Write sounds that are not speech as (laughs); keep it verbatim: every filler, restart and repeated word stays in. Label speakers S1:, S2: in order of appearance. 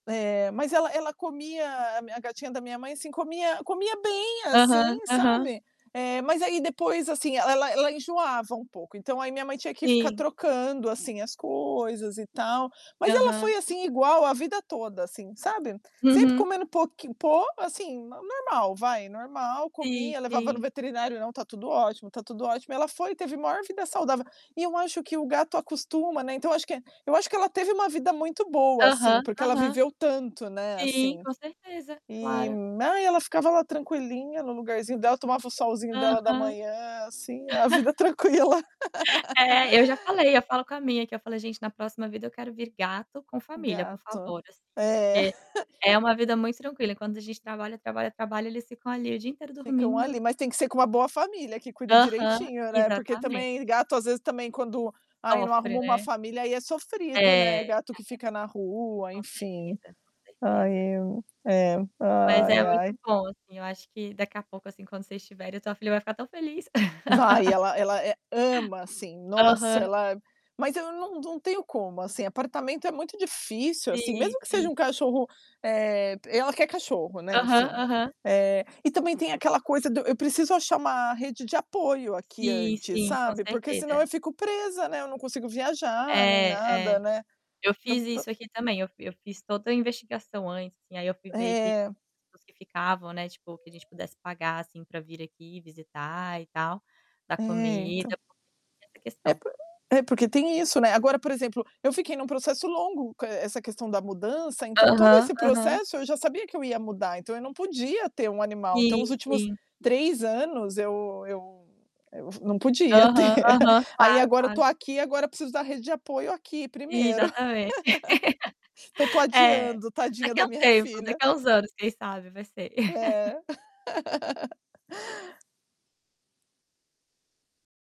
S1: É, mas ela ela comia, a a gatinha da minha mãe, assim, comia comia bem,
S2: Aham,
S1: assim,
S2: aham.
S1: sabe, eh, mas, aí, depois, assim, ela ela ela enjoava um pouco. Então, aí, minha mãe tinha que ficar
S2: Sim.
S1: trocando, assim, as coisas, e tal. Mas ela
S2: Aham.
S1: foi, assim, igual a vida toda, assim, sabe. Sempre
S2: Uhum.
S1: comendo, pouqui po assim, normal, vai, normal,
S2: Sim,
S1: comia. Levava no
S2: sim.
S1: veterinário: "Não, tá tudo ótimo, tá tudo ótimo". E ela foi e teve a maior vida saudável. E eu acho que o gato acostuma, né, então, eu que é eu acho que ela teve uma vida muito boa, assim,
S2: Aham,
S1: porque ela
S2: aham.
S1: viveu tanto, né,
S2: Sim,
S1: assim.
S2: com certeza,
S1: E,
S2: claro.
S1: ai, ela ficava lá tranquilinha no lugarzinho dela, tomava o solzinho dela da
S2: Aham.
S1: manhã, assim, a vida
S2: (chuckles)
S1: tranquila. (laughs)
S2: É, eu já falei, eu falo com a minha que eu falei: "Gente, na próxima vida, eu quero vir gato com família, por
S1: Gato,
S2: favor", assim.
S1: é.
S2: Porque é uma vida
S1: (chuckles)
S2: muito tranquila, enquanto a gente trabalha, trabalha, trabalha, eles ficam ali o dia inteiro
S1: Ficam
S2: dormindo.
S1: ali, mas tem que ser com uma boa família, que cuida
S2: Aham,
S1: direitinho, né, porque
S2: exatamente.
S1: também, gato às vezes também quando ai, não
S2: Sofre,
S1: arruma uma
S2: né.
S1: família, aí, é sofrido, né.
S2: É.
S1: Gato que fica na
S2: (unintelligible)
S1: rua,
S2: Com
S1: enfim.
S2: certeza, com
S1: Ai
S2: certeza.
S1: eu é,
S2: Mas é
S1: ai, ai.
S2: muito bom, assim. Eu acho que, daqui a pouco, assim, quando vocês estiverem, a tua filha vai ficar tão feliz.
S1: Vai,
S2: (laughs)
S1: ela ela ama, assim. Nossa,
S2: Aham.
S1: ela mas eu não não tenho como, assim, apartamento é muito difícil, assim,
S2: Sim,
S1: mesmo que seja
S2: sim.
S1: um cachorro, eh, ela quer cachorro, né,
S2: Aham,
S1: enfim.
S2: aham.
S1: Eh, e também tem aquela coisa do eu preciso achar uma rede de apoio aqui
S2: Sim,
S1: antes,
S2: sim, com
S1: sabe. Porque, senão,
S2: certeza.
S1: eu fico presa, né, eu não consigo viajar nem
S2: É,
S1: nada,
S2: é
S1: né.
S2: eu
S1: Então,
S2: fiz
S1: tan
S2: isso aqui, também. Eu eu fiz toda a investigação antes, assim. Aí, eu fui ver que as
S1: É.
S2: pessoas que ficavam, né, tipo, que a gente pudesse pagar, assim, para vir aqui visitar, e tal, dar
S1: É, então.
S2: comida, porque tem essa
S1: É
S2: questão.
S1: por é porque tem isso, né. Agora, por exemplo, eu fiquei em um processo longo, co essa questão da mudança, então, todo
S2: Aham,
S1: esse
S2: aham.
S1: processo, eu já sabia que eu ia mudar, então, eu não podia ter um animal, então, os
S2: Sim,
S1: últimos
S2: sim.
S1: três anos, eu eu eu não podia ter.
S2: Aham, aham,
S1: (laughs) Aí,
S2: claro,
S1: agora, eu
S2: claro.
S1: estou aqui, agora, preciso da rede de apoio aqui primeiro.
S2: Exatamente
S1: (laughs) Eu estou
S2: (laughs) É,
S1: adiando, tadinha
S2: daqui
S1: da
S2: a um
S1: minha
S2: tempo,
S1: filha.
S2: daqui a uns anos, quem sabe? vai ser. (chuckles)
S1: É. (laughs)